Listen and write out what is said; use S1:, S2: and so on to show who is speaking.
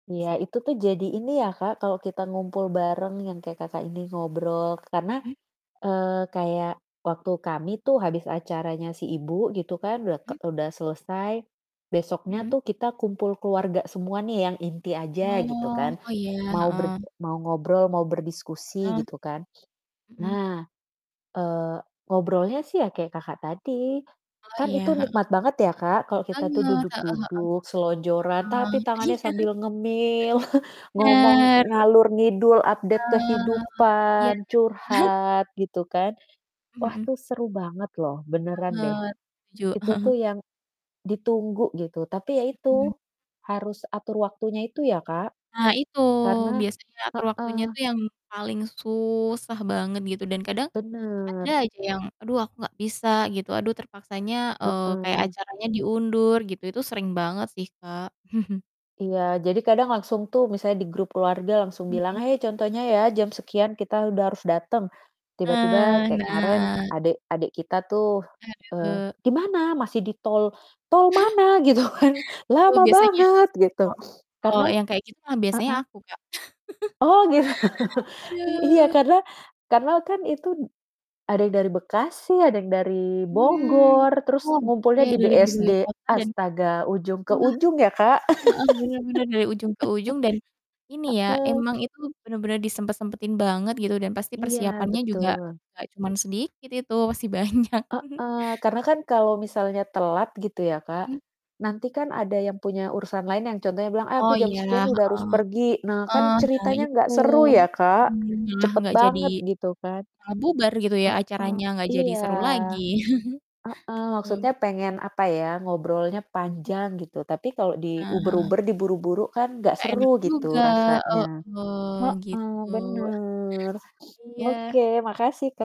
S1: Iya itu tuh jadi ini ya, Kak, kalau kita ngumpul bareng yang kayak Kakak ini ngobrol karena,
S2: Mhm.
S1: eee, kayak waktu kami tuh habis acaranya si ibu gitu kan udah ke
S2: Mhm.
S1: udah selesai, besoknya
S2: Mhm.
S1: tuh kita kumpul keluarga semua nih yang inti aja gitu
S2: Wah,
S1: kan,
S2: oh, iya,
S1: mau berd
S2: heeh.
S1: mau ngobrol mau berdiskusi
S2: Heeh.
S1: gitu kan.
S2: Mhm.
S1: Nah, eee, ngobrolnya sih ya kayak Kakak tadi,
S2: Oh,
S1: kan itu
S2: iya, heeh.
S1: nikmat banget ya, Kak, kalau kita tuh
S2: Banget, heeh
S1: duduk-duduk selonjoran,
S2: heeh.
S1: tapi
S2: Heeh,
S1: tangannya
S2: iya.
S1: sambil ngemil ngomong
S2: Benar, we
S1: ngalor ngidul update
S2: Oh, iya.
S1: kehidupan, curhat gitu kan. Wah,
S2: Mhm.
S1: tuh seru banget loh benaran deh.
S2: Banget. Setuju.
S1: Itu tuh yang ditunggu gitu, tapi ya
S2: Mhm.
S1: itu harus atur waktunya itu ya, Kak,
S2: Nah itu
S1: karena
S2: biasanya atur waktunya
S1: heeh.
S2: itu yang paling susah banget gitu dan kadang ada
S1: Benar.
S2: aja yang, "Aduh aku gak bisa," gitu, "aduh terpaksanya," eee, "kayak
S1: Heeh.
S2: acaranya diundur." Gitu, itu sering banget sih, Kak.
S1: Iya. Jadi kadang langsung tuh, misalnya di grup keluarga langsung bilang,
S2: Mhm.
S1: "Hai! Contohnya ya jam sekian kita udah harus datang." Tiba-tiba
S2: Eh,
S1: kayak kemaren
S2: nah.
S1: adek adek kita tuh, eee,
S2: Aduh.
S1: "Di mana?" "Masih di tol." "Tol mana?" Gitu kan,
S2: Aduh
S1: "Lama
S2: biasanya
S1: banget." gitu.
S2: kalau kalau
S1: Karena
S2: yang kayak gitu mah biasanya
S1: heeh.
S2: aku, Kak.
S1: Oh, gitu. I iya
S2: Aduh.
S1: karena karena kan itu d ada yang dari Bekasi, ada yang dari
S2: Mmm,
S1: Bogor, terus
S2: oke
S1: ngumpulnya di
S2: dari
S1: BSD.
S2: berbagai kota dan
S1: Astaga ujung ke
S2: engah
S1: ujung ya, Kak.
S2: heeh heeh, benar-benar dari ujung ke ujung dan ini ya,
S1: Heeh.
S2: emang itu benar-benar disempat-sempatin banget gitu dan pasti
S1: Iya
S2: persiapannya juga
S1: betul.
S2: gak cuman sedikit itu, pasti banyak.
S1: Heeh, karena kan kalau misalnya telat gitu ya, Kak,
S2: Mhm.
S1: nanti kan ada yang punya urusan lain yang contohnya bilang, "Eh aku
S2: Oh,
S1: jam
S2: iya,
S1: sekian udah harus
S2: heeh.
S1: pergi." Nah kan
S2: Heeh, eee, nah
S1: ceritanya
S2: itu.
S1: gak seru ya, Kak,
S2: Mmm, malah
S1: cepat
S2: gak jadi
S1: banget gitu kan.
S2: malah bubar gitu ya
S1: Heeh,
S2: acaranya gak jadi
S1: iya.
S2: seru lagi.
S1: Heeh, maksudnya
S2: Oke.
S1: pengen, apa ya, ngobrolnya
S2: M
S1: panjang gitu, tapi kalau
S2: Ah.
S1: diuber-uber, di buru-buru kan gak
S2: Gak enak
S1: seru gitu
S2: juga,
S1: rasanya.
S2: heeh,
S1: Heeh,
S2: gitu.
S1: benar.
S2: Iya.
S1: Oke makasih, Ka